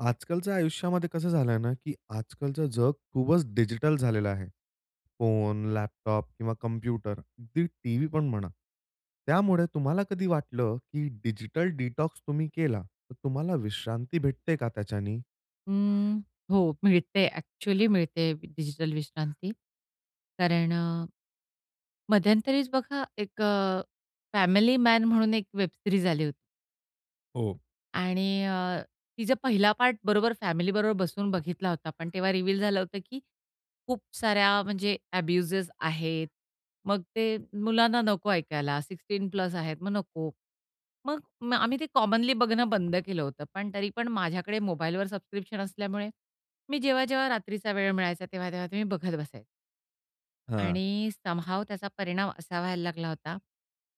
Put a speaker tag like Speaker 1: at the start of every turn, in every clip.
Speaker 1: आजकालच्या आयुष्यामध्ये कसं झालंय ना की आजकालचं जग खूपच डिजिटल झालेलं आहे. फोन, लॅपटॉप किंवा कॉम्प्युटर अगदी टीव्ही पण म्हणा. त्यामुळे तुम्हाला कधी वाटलं की डिजिटल डिटॉक्स तुम्ही केला तर तुम्हाला विश्रांती भेटते का त्याच्यानी?
Speaker 2: हं, हो. मिळते एक्चुअली मिळते डिजिटल विश्रांती. कारण मध्यंतरीच बघा एक अ, फॅमिली मॅन म्हणून एक वेबसीरीज आली होती.
Speaker 1: हो.
Speaker 2: आणि अ, तिचा पहिला पार्ट बरोबर फॅमिली बरोबर बसून बघितला होता पण तेव्हा रिवील झालं होतं की खूप साऱ्या म्हणजे एब्युजेस आहेत. मग ते मुलांना नको ऐकायला सिक्स्टीन प्लस आहेत मगं नको, मगं आम्ही ते कॉमनली बघणं बंद केलं होतं. पण तरी पण माझ्याकडे मोबाईल वर सबस्क्रिप्शन असल्यामुळे मी जेव्हा, जेव्हा रात्रीचा वेळ मिळायचा तेव्हा, तेव्हा मी बघत बसायचे.
Speaker 1: हां.
Speaker 2: आणि समहाऊ त्याचा परिणाम असा व्हायला लागला होता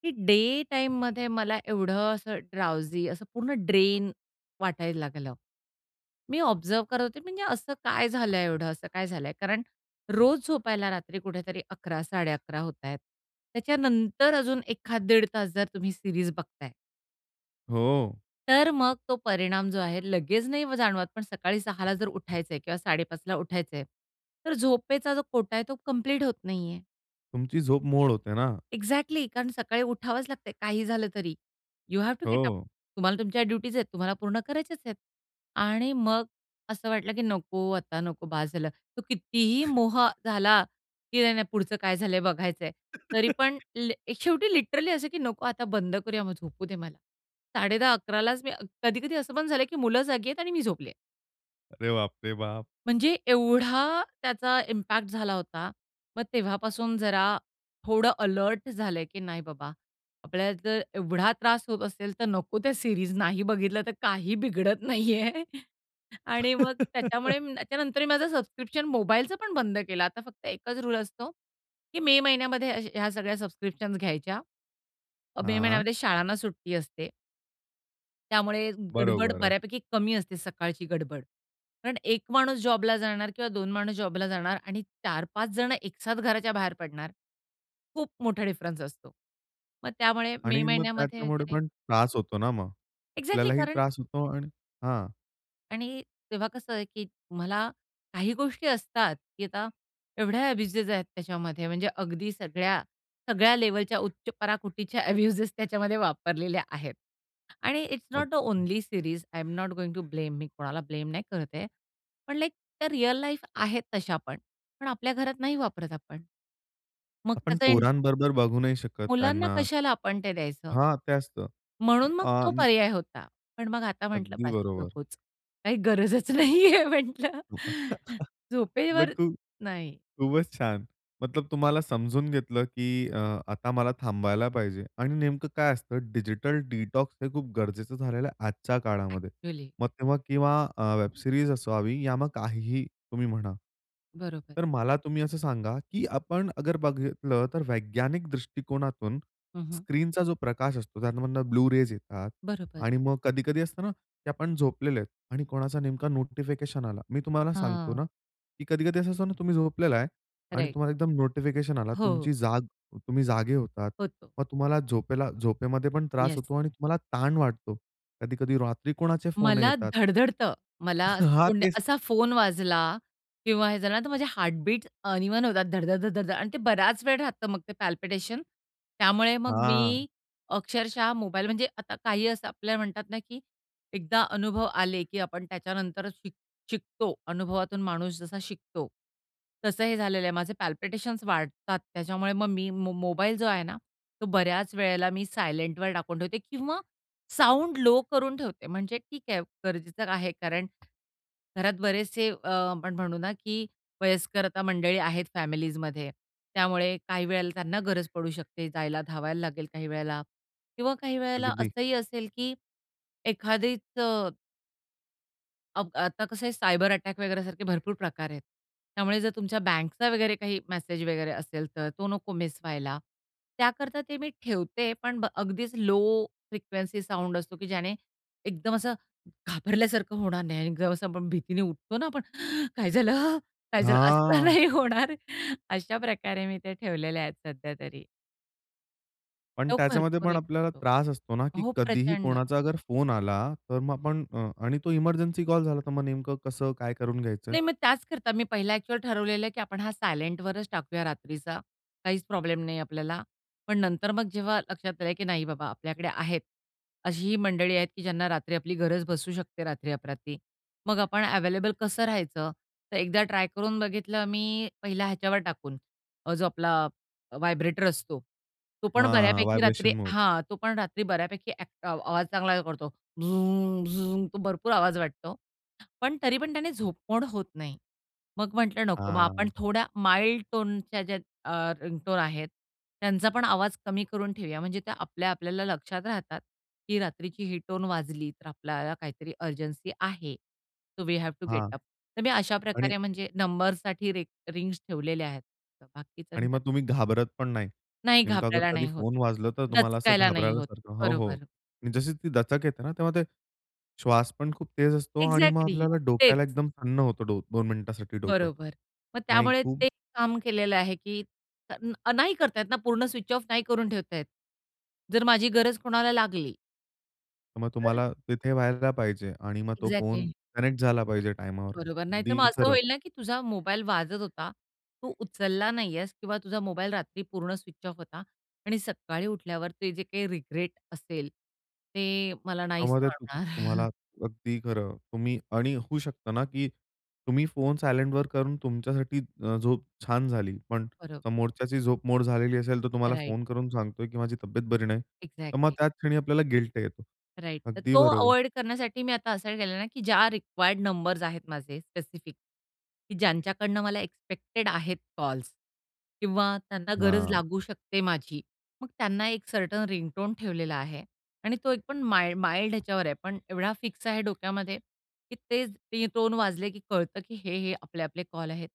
Speaker 2: की डे टाईममध्ये मला एवढं असं ड्राउजी असं पूर्ण ड्रेन वाटायला लागलं. मी ऑब्झर्व्ह करत होते म्हणजे असं काय झालंय? एवढं असं काय झालंय? कारण रोज झोपायला रात्री कुठेतरी 11-11:30 होतायेत. त्याच्यानंतर अजून एखाद दीड तास जर तुम्ही सीरीज बघताय
Speaker 1: हो.
Speaker 2: तर मग तो परिणाम जो आहे, लगेच नाही जाणवत पण सकाळी 6 ला जर उठायच आहे किंवा 5:30ला उठायच आहे. तर झोपेचा जो कोटा आहे, तो कंप्लीट होत नाही आहे.
Speaker 1: तुमची झोप मोड होते ना.
Speaker 2: एक्झॅक्टली कारण सकाळी उठावंच लागतंय काही झालं तरी. You have to get up
Speaker 1: हो.
Speaker 2: तुम्हाला तुमच्या ड्युटीज आहेत, तुम्हाला पूर्ण करायचेच आहेत. आणि मग, असं वाटलं, की नको, आता नको बस झालं. तो कितीही मोह झाला, की नाही, नाही पुढचं काय झालंय बघायच आहे, तरी पण लि शेवटी लिटरली असं, की नको आता बंद करूया मग झोपू दे मला. 10:30-11:00 लाच मी अ कधी, कधी असं पण झालंय, की मुलं जागी आहेत आणि मी झोपले.
Speaker 1: अरे बापरे बाप!
Speaker 2: म्हणजे एवढा त्याचा इम्पॅक्ट झाला होता. मग तेव्हापासून जरा, थोडं अलर्ट झालं, की नाही बाबा, आपल्याला जर एवढा त्रास होत असेल, तर नको त्या सीरीज नाही बघितलं, तर काही बिघडत नाही आहे. आणि मग त्याच्यामुळे त्याच्यानंतरही माझं सबस्क्रिप्शन मोबाईलचं पण बंद केलं. आता फक्त एकच रुळ असतो, की मे महिन्यामध्ये अ, ह्या सगळ्या सबस्क्रिप्शन्स घ्यायच्या. अ, मे
Speaker 1: हां.
Speaker 2: महिन्यामध्ये शाळांना सुट्टी असते. त्यामुळे गडबड
Speaker 1: बरोबर आहे.
Speaker 2: बऱ्यापैकी कमी असते, सकाळची गडबड. कारण 1 माणूस जॉबला जाणार किंवा 2 माणूस जॉबला जाणार आणि 4-5 जण एकसाथ घराच्या बाहेर पडणार. खूप मोठा डिफरन्स असतो. मग त्यामुळे मे
Speaker 1: आणि मग
Speaker 2: महिन्यामध्ये
Speaker 1: त्याच्यामुळे
Speaker 2: वगैरे
Speaker 1: पण त्रास होतो ना मग
Speaker 2: एक्झॅक्टली
Speaker 1: आपल्यालाही
Speaker 2: कारण
Speaker 1: त्रास होतो आणि हां.
Speaker 2: आणि तेव्हा कसं आहे की मला काही गोष्टी असतात की आता एवढ्या अ‍ॅब्यूजेस आहेत त्याच्यामध्ये म्हणजे अगदी सगळ्या सगळ्या लेव्हलच्या उच्च पराकुटीच्या अ‍ॅब्यूजेस त्याच्यामध्ये वापरलेल्या आहेत आणि इट्स नॉट द
Speaker 1: अगदी.
Speaker 2: Only series I am not going to blame. मी कोणाला ब्लेम नाही करते. पण लाइक त्या रिअल लाईफ आहेत तशा पण. पण आपल्या घरात नाही वापरत आपण. मग
Speaker 1: आपण
Speaker 2: त्याचा इन
Speaker 1: पोरांबरोबर बघू नाही शकत
Speaker 2: मुलांना
Speaker 1: त्यांना.
Speaker 2: कशाला आपण ते द्यायचं?
Speaker 1: हां ते असतं. ब
Speaker 2: म्हणून मग तो
Speaker 1: अन्
Speaker 2: पर्याय होता. पण मग आता म्हंटलं
Speaker 1: अगदी
Speaker 2: बस
Speaker 1: बरोबर.
Speaker 2: नकोच. काही गरजच नाहीये म्हंटलं,
Speaker 1: म्हटलं
Speaker 2: झोपेवर,
Speaker 1: खूप
Speaker 2: नाही.
Speaker 1: खूपच छान. मतलब तुम्हाला समजून घेतलं, की अ, आता मला थांबायला पाहिजे आणि नेमकं काय असतं डिजिटल डिटॉक्स हे खूप गरजेचं झालेलं आहे आजच्या काळामध्ये.
Speaker 2: अ‍ॅक्चुअली.
Speaker 1: मग तेव्हा किंवा अ, वेब सीरीज असावी या मग काहीही तुम्ही म्हणा.
Speaker 2: बरोबर.
Speaker 1: तर मला तुम्ही असं सांगा, की आपण अगर बघितलं तर वैज्ञानिक दृष्टिकोनातून
Speaker 2: हं, हं.
Speaker 1: स्क्रीनचा जो प्रकाश असतो, त्यामधनं ब्लू रेज येतात
Speaker 2: बरोबर.
Speaker 1: आणि मग कधी-कधी असतो ना, की आपण झोपलेले आहेत आणि कोणाचा नेमका नोटिफिकेशन आला. मी तुम्हाला सांगतो
Speaker 2: हां.
Speaker 1: ना, की कधी-कधी असं असतं ना, तुम्ही झोपलेला आहे आणि
Speaker 2: राइट.
Speaker 1: तुम्हाला एकदम नोटिफिकेशन आला.
Speaker 2: हो.
Speaker 1: तुमची जाग तुम्ही जागे होतात
Speaker 2: होतो.
Speaker 1: मग तुम्हाला झोपेला झोपेमध्ये पण त्रास
Speaker 2: येस.
Speaker 1: होतो आणि तुम्हाला ताण वाटतो. कधी-कधी रात्री कोणाचे फोन
Speaker 2: मला
Speaker 1: येतात.
Speaker 2: धडधडतं. मला असं
Speaker 1: हां,
Speaker 2: फोन
Speaker 1: तेच.
Speaker 2: असा फोन वाजला किंवा हे झालं ना, तर माझे हार्टबीट अनइवन होतात. धड-धड धड-धड धड आणि ते बराच वेळ राहतं मग ते पल्पिटेशन. त्यामुळे मग मी
Speaker 1: हां.
Speaker 2: अक्षरशः मोबाईल म्हणजे आता काही असं आपल्याला म्हणतात ना, की एकदा अनुभव आले, की आपण त्याच्यानंतरच शिक शिकतो. अनुभवातून माणूस जसा शिकतो, तसं हे झालेलं आहे. माझे पल्पिटेशन्स वाढतात त्याच्यामुळे मग मी म मोबाईल जो आहे ना, तो बऱ्याच वेळेला मी सायलेंटवर टाकून ठेवते किंवा साऊंड लो करून ठेवते म्हणजे ठीक आहे, गरजेचं आहे कारण घरात बरेचसे अ, आपण म्हणू ना, की वयस्कर आता मंडळी आहेत फॅमिलीजमध्ये, त्यामुळे काही वेळेला त्यांना गरज पडू शकते जायला, धावायला लागेल काही वेळेला किंवा काही वेळेला
Speaker 1: अगदी.
Speaker 2: असंही असेल, की एखादीचं अब आता कसं आहे, सायबर अटॅक वगैरे सारखे भरपूर प्रकार आहेत. त्यामुळे जर तुमच्या बँकचा वगैरे काही मेसेज वगैरे असेल, तर तो नको मिस व्हायला. त्याकरता ते मी ठेवते पण ब अगदीच लो फ्रिक्वेन्सी साउंड असतो, की ज्याने एकदम असं घाबरल्यासारखं होणार नाही आणि जर असं आपण भीतीने उठतो ना आपण काय झालं? काय झालं? असं
Speaker 1: हां.
Speaker 2: नाही होणार. अशाप्रकारे मी ते ठेवलेले आहेत सध्यातरी.
Speaker 1: पण
Speaker 2: तो
Speaker 1: त्याच्यामध्ये
Speaker 2: भरपूर
Speaker 1: पण
Speaker 2: हे
Speaker 1: आपल्याला
Speaker 2: करतो.
Speaker 1: त्रास असतो ना, की
Speaker 2: हो,
Speaker 1: कधीही
Speaker 2: प्रचंड.
Speaker 1: कोणाचा अगर फोन आला, तर मग आपण अ, आणि तो एमर्जन्सी कॉल झाला. तर मग नेमकं कसं? काय करून घ्यायचंय?
Speaker 2: नाही. मग त्याचकरता मी पहिला ॲक्चुअल ठरवलेलं आहे, की आपण हा सायलेंटवरच टाकूया रात्रीचा. काहीच प्रॉब्लेम नाही आपल्याला. पण नंतर मग जेव्हा लक्षात आलं, की नाही बाबा, आपल्याकडे आहेत. अशीही मंडळी आहेत, की ज्यांना रात्री आपली गरज भासू शकते रात्री-अपरात्री. मग आपण अवेलेबल कसं राहायचं? तर एकदा ट्राय करून बघितलं मी पहिला ह्याच्यावर टाकून, जो आपला व्हायब्रेटर असतो. तो
Speaker 1: हां,
Speaker 2: पण
Speaker 1: हां,
Speaker 2: बऱ्यापैकी रात्री
Speaker 1: व्हायब्रेशन मोड.
Speaker 2: हां. तो पण रात्री बऱ्यापैकी अक आवाज चांगला करतो. झूम-झूम तो भरपूर आवाज वाटतो. पण तरी पण त्याने झोपमोड होत नाही. मग म्हटलं नको मग आपण
Speaker 1: आ
Speaker 2: थोड्या माईल्ड टोनच्या ज्या अ, रिंगटोन आहेत, त्यांचा पण आवाज कमी करून ठेवूया म्हणजे त्या आपल्या आपल्याला लक्षात राहतात, की रात्रीची ही टोन वाजली, तर आपल्याला काहीतरी अर्जन्सी आहे. So we have to get
Speaker 1: हां.
Speaker 2: अप. तर मी
Speaker 1: आणि
Speaker 2: अशाप्रकारे म्हणजे नंबरसाठी रि रिंग्स ठेवलेले आहेत.
Speaker 1: आणि
Speaker 2: बाकीच्यांचं
Speaker 1: मग तुम्ही
Speaker 2: [unintelligible]
Speaker 1: घाबरत पण नाही.
Speaker 2: नाही.
Speaker 1: नेमकं अगर
Speaker 2: घाबरायला
Speaker 1: कधी
Speaker 2: नाही होत.
Speaker 1: फोन वाजलं, तर तुम्हाला असं
Speaker 2: दचकायला नाही होत.
Speaker 1: घाबरल्यासारखं हो, हो.
Speaker 2: बरोबर.
Speaker 1: म्हणजे जशी ती दचक येते ना, तेव्हा ते श्वास पण खूप तेज असतो आणि मग
Speaker 2: एक्झॅक्टली
Speaker 1: आपल्याला
Speaker 2: तेच.
Speaker 1: डोक्याला एकदम सन्न होतं दो 2 मिनिटासाठी डोकं.
Speaker 2: बरोबर. मग
Speaker 1: नाही,
Speaker 2: त्यामुळे
Speaker 1: खूप
Speaker 2: ते काम केलेलं आहे, की तर अ, नाही करता येत ना, पूर्ण स्विच ऑफ नाही करून ठेवता येत. जर माझी गरज कोणाला लागली
Speaker 1: तर मग
Speaker 2: [unintelligible]
Speaker 1: तुम्हाला तिथे व्हायला पाहिजे. आणि मग तो फोन
Speaker 2: एक्झॅक्टली.
Speaker 1: कनेक्ट झाला पाहिजे टाइमावर.
Speaker 2: बरोबर. नाही तर मग
Speaker 1: अगदी
Speaker 2: असं
Speaker 1: खरं.
Speaker 2: होईल ना, की तुझा मोबाईल वाजत होता. तू उचलला नाही आहेस. किंवा तुझा मोबाईल रात्री पूर्ण स्विच ऑफ होता. आणि सकाळी उठल्यावर ते जे काही रिग्रेट असेल, ते मला नाही
Speaker 1: त्यामध्ये तुम
Speaker 2: सोडणार.
Speaker 1: तुम्हाला, अगदी खरं. तुम्ही आणि होऊ शकतं ना, की तुम्ही फोन सायलेंटवर करून तुमच्यासाठी अ, झोप छान झाली. पण
Speaker 2: बरं.
Speaker 1: समोरच्याची झोप मोड झालेली असेल तर तुम्हाला
Speaker 2: राइट.
Speaker 1: फोन करून सांगतोय, की माझी तब्येत बरी नाही, तर मग
Speaker 2: एक्झॅक्टली.
Speaker 1: त्याच क्षणी आपल्याला गिल्ट येतो.
Speaker 2: राइट. तर
Speaker 1: अगदी
Speaker 2: तो
Speaker 1: बरोबर.
Speaker 2: अव्हॉइड करण्यासाठी मी आता असं केलं ना, की ज्या रिक्वायर्ड नंबर्स आहेत माझे स्पेसिफिक, की ज्यांच्याकडनं मला एक्सपेक्टेड आहेत कॉल्स. किंवा त्यांना गरज
Speaker 1: हां.
Speaker 2: लागू शकते माझी. मग त्यांना एक सर्टन रिंगटोन ठेवलेला आहे. आणि तो एक पण माई माईल्ड ह्याच्यावर आहे पण एवढा फिक्स आहे डोक्यामध्ये, की तेच रिंगटोन वाजले, की कळतं की हे, हे आपले आपले कॉल आहेत.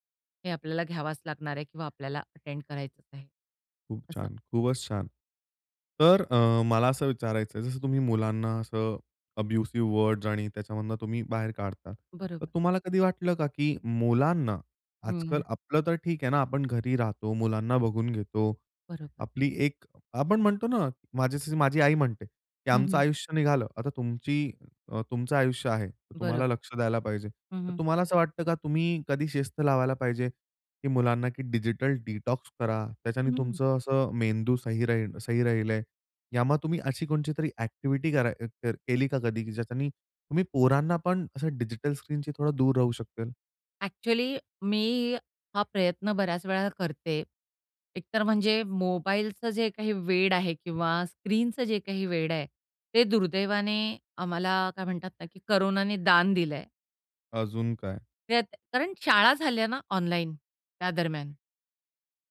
Speaker 2: हे आपल्याला घ्यावाच लागणार आहे किंवा आपल्याला अटेंड करायचंच आहे.
Speaker 1: खूप
Speaker 2: असं.
Speaker 1: छान. खूपच छान. तर अ, मला असं विचारायचंय जसं तुम्ही मुलांना असं अब्युसिव वर्ड्स आणि त्याच्यामधून तुम्ही बाहेर काढता. तर
Speaker 2: बरोबर.
Speaker 1: तुम्हाला कधी वाटलं का, की मुलांना,
Speaker 2: हं.
Speaker 1: आजकाल आपलं तर ठीक आहे ना, आपण घरी राहतो मुलांना बघून घेतो.
Speaker 2: बरोबर.
Speaker 1: आपली एक आपण म्हणतो ना माझ्यासाठी माझी आई म्हणते, की
Speaker 2: हं,
Speaker 1: "आमचं
Speaker 2: हं.
Speaker 1: आयुष्य निघालं आता तुमची अ, तुमचं आयुष्य आहे,
Speaker 2: बरोब
Speaker 1: तुम्हाला लक्ष द्यायला पाहिजे."
Speaker 2: हं,
Speaker 1: तर
Speaker 2: हं.
Speaker 1: तुम्हाला असं वाटतं का? तुम्ही कधी शिस्त लावायला पाहिजे? की मुलांना की डिजिटल डिटॉक्स करा त्याच्याने
Speaker 2: हं.
Speaker 1: तुमचं अस मेंदू सही राहील सही राहिलय. यामुळे तुम्ही अशी कोणची तरी ॲक्टिव्हिटी करा अ, कर केली का कधी ज्याच्याने तुम्ही पोरांना पण असं डिजिटल स्क्रीनशी थोडा दूर राहू शकेल?
Speaker 2: ॲक्चुअली मी हा प्रयत्न बऱ्याच वेळा करते. एकतर म्हणजे मोबाईलचं जे काही वेड आहे किंवा स्क्रीनचं जे काही वेड आहे. ते दुर्दैवाने आम्हाला काय म्हणतात ना, की कोरोनाने दान दिलं आहे.
Speaker 1: अजून काय?
Speaker 2: त्यात कारण शाळा झाल्या ना ऑनलाईन, त्या दरम्यान.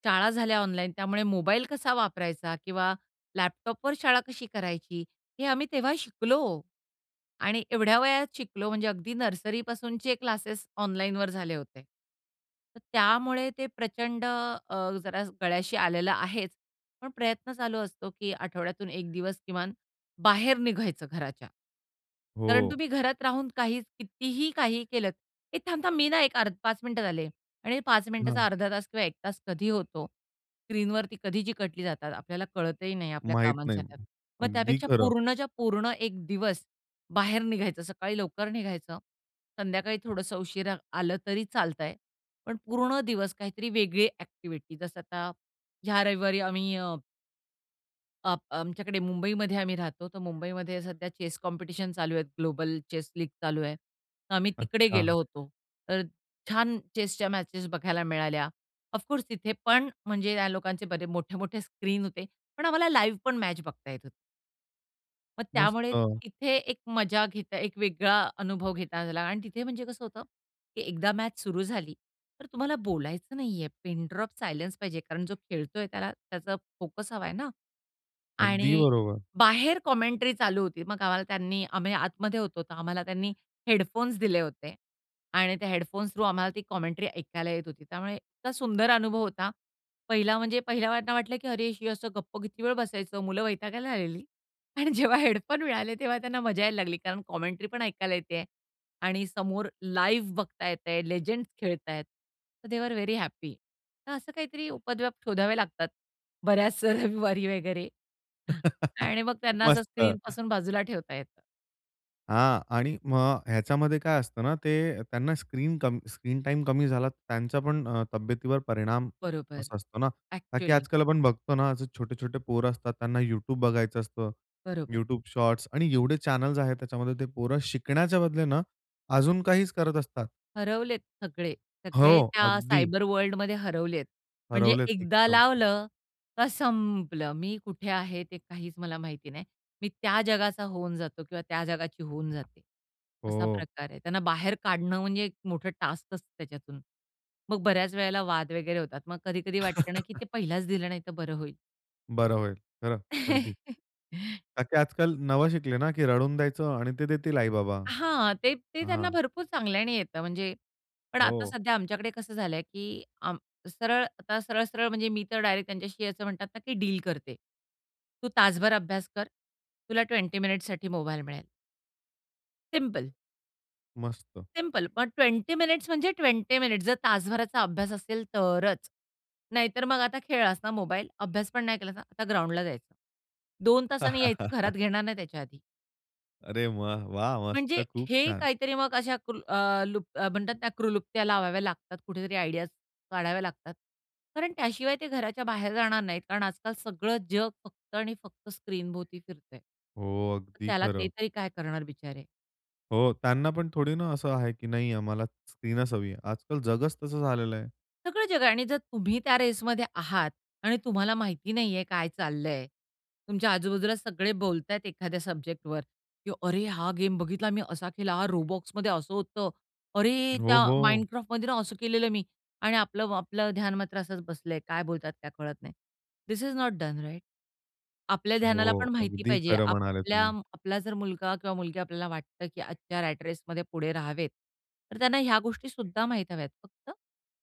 Speaker 2: शाळा झाल्या ऑनलाईन. त्यामुळे मोबाईल कसा वापरायचा किंवा लॅपटॉपवर शाळा कशी करायची हे आम्ही तेव्हा शिकलो आणि एवढ्या वयात शिकलो म्हणजे अगदी नर्सरीपासूनचे क्लासेस ऑनलाईनवर झाले होते. तर त्यामुळे ते प्रचंड अ, जरा गळ्याशी आलेलं आहेच. पण प्रयत्न चालू असतो, की आठवड्यातून एक दिवस किमान बाहेर निघायचं घराच्या. कारण
Speaker 1: हो.
Speaker 2: तुम्ही घरात राहून काहीच कितीही काही केलत, "ए थांब थांब मी ना एक अर 5 मिनिटात आले." आणि 5 मिनिटाचा
Speaker 1: हां.
Speaker 2: अर्धा तास किंवा 1 तास कधी होतो, स्क्रीनवरती कधी चिकटली जातात आपल्याला कळतही नाही आपल्या
Speaker 1: माहित नाही.
Speaker 2: कामांच्या त्यात. मग
Speaker 1: अगदी
Speaker 2: त्यापेक्षा
Speaker 1: खरं.
Speaker 2: पूर्णच्या पूर्ण एक दिवस बाहेर निघायचं सकाळी लवकर निघायचं. संध्याकाळी थोडंसं उशिरा आलं तरी चालतं आहे. पण पूर्ण दिवस काहीतरी वेगळी ॲक्टिव्हिटी, जसं आता ह्या रविवारी आम्ही अ आप आमच्याकडे मुंबईमध्ये आम्ही राहतो, तर मुंबईमध्ये सध्या चेस कॉम्पिटिशन चालू आहेत. ग्लोबल चेस लीग चालू आहे. तर आम्ही तिकडे गेलो
Speaker 1: अच्छा.
Speaker 2: होतो. तर छान चेसच्या मॅचेस बघायला मिळाल्या. ऑफकोर्स तिथे पण म्हणजे त्या लोकांचे बरेच मोठे-मोठे स्क्रीन होते. पण आम्हाला लाईव्ह पण मॅच बघता येत होती. मग
Speaker 1: मस्त.
Speaker 2: त्यामुळे तिथे एक मजा घेता एक वेगळा अनुभव घेता आला आणि तिथे म्हणजे कसं होतं, की एकदा मॅच सुरू झाली, तर तुम्हाला बोलायचं नाही आहे. पिन ड्रॉप सायलेन्स पाहिजे. कारण जो खेळतोय त्याला त्याचा फोकस हवाय ना.
Speaker 1: अगदी
Speaker 2: आणि
Speaker 1: बरोबर.
Speaker 2: बाहेर कॉमेंट्री चालू होती. मग आम्हाला त्यांनी आम्ही आतमध्ये होतो. तर आम्हाला त्यांनी हेडफोन्स दिले होते आणि त्या हेडफोन्स थ्रू आम्हाला ती कॉमेंट्री ऐकायला येत होती. त्यामुळे इतका सुंदर अनुभव होता. पहिला म्हणजे पहिले आम्हाला तर वाटलं, की "अरे, हे असं गप्प किती वेळ बसायचं?" मुलं वैतागायला आलेली आणि जेव्हा हेडफोन मिळाले, तेव्हा त्यांना मजा यायला लागली कारण कॉमेंट्री पण ऐकायला येतय आणि समोर लाईव्ह बघता येतय. लेजेंड्स खेळत आहेत. So they are very happy. तर असं काहीतरी उपद्व्याप शोधावे लागतात. बऱ्याच रविवारी वगैरे. हां. आणि मग त्यांना असं
Speaker 1: मस्त.
Speaker 2: स्क्रीनपासून बाजूला ठेवता येतं.
Speaker 1: हां आणि मग ह्याच्यामध्ये काय असतं ना, ते त्यांना स्क्रीन कम स्क्रीन टाईम कमी झाला, त्यांचा पण अ, तब्येतीवर परिणाम
Speaker 2: बरोबर.
Speaker 1: असा असतो ना. का की
Speaker 2: एक्चुअली.
Speaker 1: आजकाल आपण बघतो ना, छोटे-छोटे पोरं असतात त्यांना YouTube बघायचं असतं.
Speaker 2: बरोबर.
Speaker 1: YouTube Shorts आणि एवढे चॅनल्स आहेत त्याच्यामध्ये. ते पोरं शिकण्याच्या बदले ना अजून काहीच करत असतात.
Speaker 2: हरवलेत सगळे. सगळे
Speaker 1: हो,
Speaker 2: त्या
Speaker 1: अगदी.
Speaker 2: सायबरवर्ल्ड मध्ये हरवलेयत. म्हणजे
Speaker 1: हरवलेत
Speaker 2: एकदा
Speaker 1: एकदम.
Speaker 2: लावलं तर संपलं. मी कुठे आहे ते काहीच मला माहिती नाही. मी त्या जगाचा होऊन जातो किंवा त्या जगाची होऊन जाते, असा
Speaker 1: हो.
Speaker 2: प्रकार आहे. त्यांना बाहेर काढणं म्हणजे एक मोठं टास्कच त्याच्यातून. मग बऱ्याच वेळेला वाद वगैरे होतात. मग कधी-कधी वाटतं ना की ते पहिलाच दिलं नाही तर बरं होईल.
Speaker 1: बरं होईल. खरं अगदी. का की आजकाल नवं शिकले ना, की रडून द्यायचं आणि ते देतील आई-बाबा,
Speaker 2: हां, ते ते त्यांना
Speaker 1: हां.
Speaker 2: भरपूर चांगल्याने येतं म्हणजे पण आता
Speaker 1: हो.
Speaker 2: सध्या आमच्याकडे कसं झालंय की आम सरळ आता सरळ-सरळ म्हणजे मी तर डायरेक्ट त्यांच्याशी असं म्हणतात ना की डील करते. तू तासभर अभ्यास कर, तुला 20 मिनिट्ससाठी मोबाईल मिळेल. सिंपल.
Speaker 1: मस्त.
Speaker 2: सिंपल पण 20 मिनीट्स म्हणजे 20 मिनिट्स, जर तासभराचा अभ्यास असेल तरच. नाहीतर मग आता खेळलास ना मोबाईल, अभ्यास पण नाही केलास ना. आता ग्राउंडला जायचं. 2 तासांनी यायचं, घरात घेणार नाही त्याच्या आधी.
Speaker 1: अरे वाह! वाह!
Speaker 2: म्हणजे
Speaker 1: मस्त! खूप
Speaker 2: हे
Speaker 1: छान!
Speaker 2: काहीतरी मग अशा कुल अ, लु अ, म्हणतात ना, क्लृप्त्या लावाव्या लागतात कुठेतरी, आयडियाज काढाव्या लागतात. कारण त्याशिवाय ते घराच्या बाहेर जाणार नाहीत. कारण आजकाल सगळं जग फक्त आणि फक्त स्क्रीनभोवती फिरतय.
Speaker 1: हो,
Speaker 2: तर
Speaker 1: अगदी
Speaker 2: त्याला ते
Speaker 1: खरं.
Speaker 2: तरी काय करणार बिचारे!
Speaker 1: हो, त्यांना पण थोडी ना असं आहे, की नाही आम्हाला स्क्रीनच हवी आहे. आजकाल जगचं तसं झालेलं आहे.
Speaker 2: सगळं जग आहे आणि जर तुम्ही त्या रेसमध्ये आहात आणि तुम्हाला माहिती नाही आहे काय चाललंय, तुमच्या आजूबाजूला सगळे बोलत आहेत एखाद्या सब्जेक्टवर, की "अरे! हा गेम बघितला मी, असा केलं. हा Robloxमध्ये असं होतं. अरे! त्या
Speaker 1: हो, हो!
Speaker 2: Minecraftमध्ये ना असं केलेलं मी." आणि आपलं म आपलं ध्यान मात्र असच बसलंय, काय बोलत आहेत त्या कळत नाही. This is not done, right? आपल्या ध्यानाला
Speaker 1: हो,
Speaker 2: पण माहिती
Speaker 1: अगदी
Speaker 2: पाहिजे
Speaker 1: खरं म्हणाले
Speaker 2: आपल्या
Speaker 1: तुम्ही.
Speaker 2: आपला जर मुलगा किंवा मुलगी आपल्याला वाटतं की आजच्या रॅट रेसमध्ये पुढे राहावेत, तर त्यांना ह्या गोष्टी सुद्धा माहित हव्यात फक्त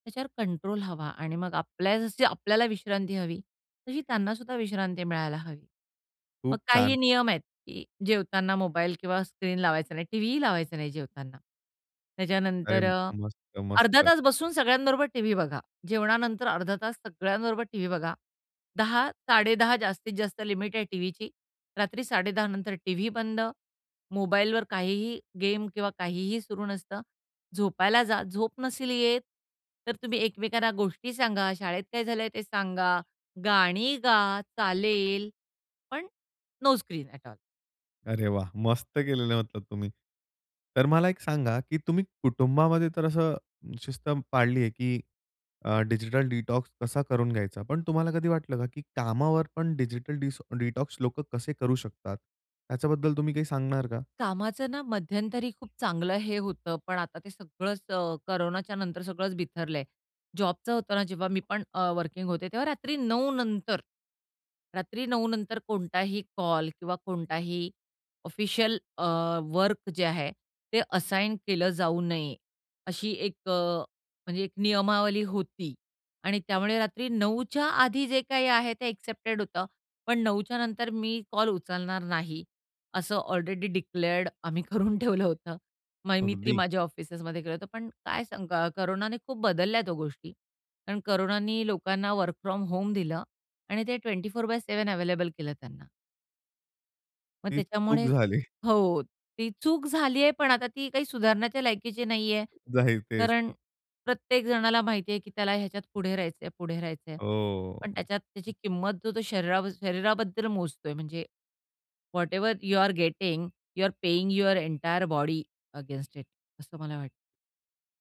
Speaker 2: त्याच्यावर कंट्रोल हवा आणि मग आपल्या जशी आपल्याला विश्रांती हवी, तशी त्यांना सुद्धा विश्रांती मिळायला हवी. मग
Speaker 1: खूप
Speaker 2: काही
Speaker 1: छान!
Speaker 2: नियम आहेत, की जेवतांना मोबाईल किंवा स्क्रीन लावायचा नाही, टी-व्हीही लावायचा नाही, जेवतांना.
Speaker 1: अरे!
Speaker 2: त्याच्यानंतर अ,
Speaker 1: मस्त,
Speaker 2: अर्धा
Speaker 1: मस्त!
Speaker 2: तास बसून सगळ्यांबरोबर टी-व्ही बघा. जेवणानंतर अर्धा तास सगळ्यांबरोबर टी-व्ही बघा. 10:00, 10:30 जास्तीत जास्त लिमिट आहे टीव्हीची. रात्री 10:30 नंतर टी-व्ही बंद. मोबाईलवर काहीही गेम किंवा काहीही सुरू नसतं. झोपायला जा झोप नसेल येत, तर तुम्ही एकमेकांना गोष्टी सांगा, शाळेत काय झालंय ते सांगा, गाणी गा, चालेल, पण नो स्क्रीन ऍट ऑल.
Speaker 1: अरे वाह! मस्त केलेलं आहे मतलब तुम्ही. तर मला एक सांगा, की तुम्ही कुटुंबामध्ये तर असं शिस्त पाळली आहे, की अ, डिजिटल डिटॉक्स कसा करून घ्यायचा, पण तुम्हाला कधी वाटलं का, की कामावर पण डिजिटल डिसॉ डिटॉक्स लोकं कसे करू शकतात? त्याच्याबद्दल तुम्ही काही सांगणार का?
Speaker 2: कामाचं ना मध्यंतरी खूप चांगलं हे होतं. पण आता ते सगळंच अ, कोरोनाच्या नंतर सगळंच बिथरलंय. जॉबचं होतं ना जेव्हा मी पण अ, वर्किंग होते, तेव्हा रात्री 9:00 नंतर, रात्री 9:00 नंतर कोणताही कॉल किंवा कोणताही ऑफिशियल अ, वर्क जे आहे, ते असाइन केलं जाऊ नये, अशी एक अ, म्हणजे एक नियमावली होती आणि त्यामुळे रात्री 9:00च्या आधी जे काही आहे ते एक्सेप्टेड होतं, पण 9:00च्या नंतर मी कॉल उचलणार नाही असं ऑलरेडी डिक्लेअर्ड आम्ही करून ठेवलं होतं. मय मी तरी
Speaker 1: अगदी.
Speaker 2: माझ्या ऑफिसेसमध्ये केलं होतं. पण काय सांगा कोरोनाने खूप बदलल्यात हो गोष्टी. कारण कोरोनानी लोकांना वर्क फ्रॉम होम दिलं आणि ते 24/7 अवेलेबल केलं त्यांना. मग
Speaker 1: तीच
Speaker 2: त्याच्यामुळे
Speaker 1: चूक झाली.
Speaker 2: हो. ती चूक झाली आहे. पण आता ती काही सुधारण्याच्या लायकीची नाहीये.
Speaker 1: जाही तेच.
Speaker 2: कारण प्रत्येक जणाला माहिती आहे, की त्याला ह्याच्यात पुढे राहायचंय, पुढे राहायचंय.
Speaker 1: ओह!
Speaker 2: पण त्याच्यात त्याची किंमत जर तो शरीरा शरीराबद्दल मोजतोय म्हणजे whatever you are getting, you are paying your entire body against it, असं मला वाटतं.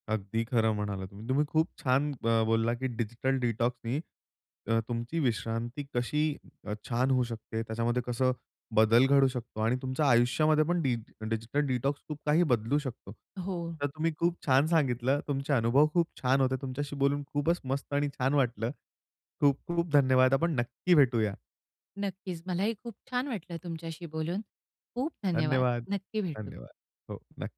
Speaker 1: अगदी खरं म्हणालात. तुम्ही खूप छान ब बोलला, की डिजिटल डिटॉक्सनी, अ, तुमची विश्रांती कशी अ, छान होऊ शकते. त्याच्यामध्ये कसं बदल घडू शकतो आणि तुमच्या आयुष्यामध्ये पण डिज डिजिटल डिटॉक्स खूप काही बदलू शकतो.
Speaker 2: हो.
Speaker 1: तर तुम्ही खूप छान सांगितलं. तुमचे अनुभव खूप छान होते. तुमच्याशी बोलून खूपच मस्त आणि छान वाटलं. खूप खूप धन्यवाद. आपण नक्की भेटूया.
Speaker 2: नक्कीच. मलाही खूप छान वाटलं तुमच्याशी बोलून. खूप धन्यवाद.
Speaker 1: धन्यवाद,
Speaker 2: नक्की भेटू.
Speaker 1: धन्यवाद. हो. नक्क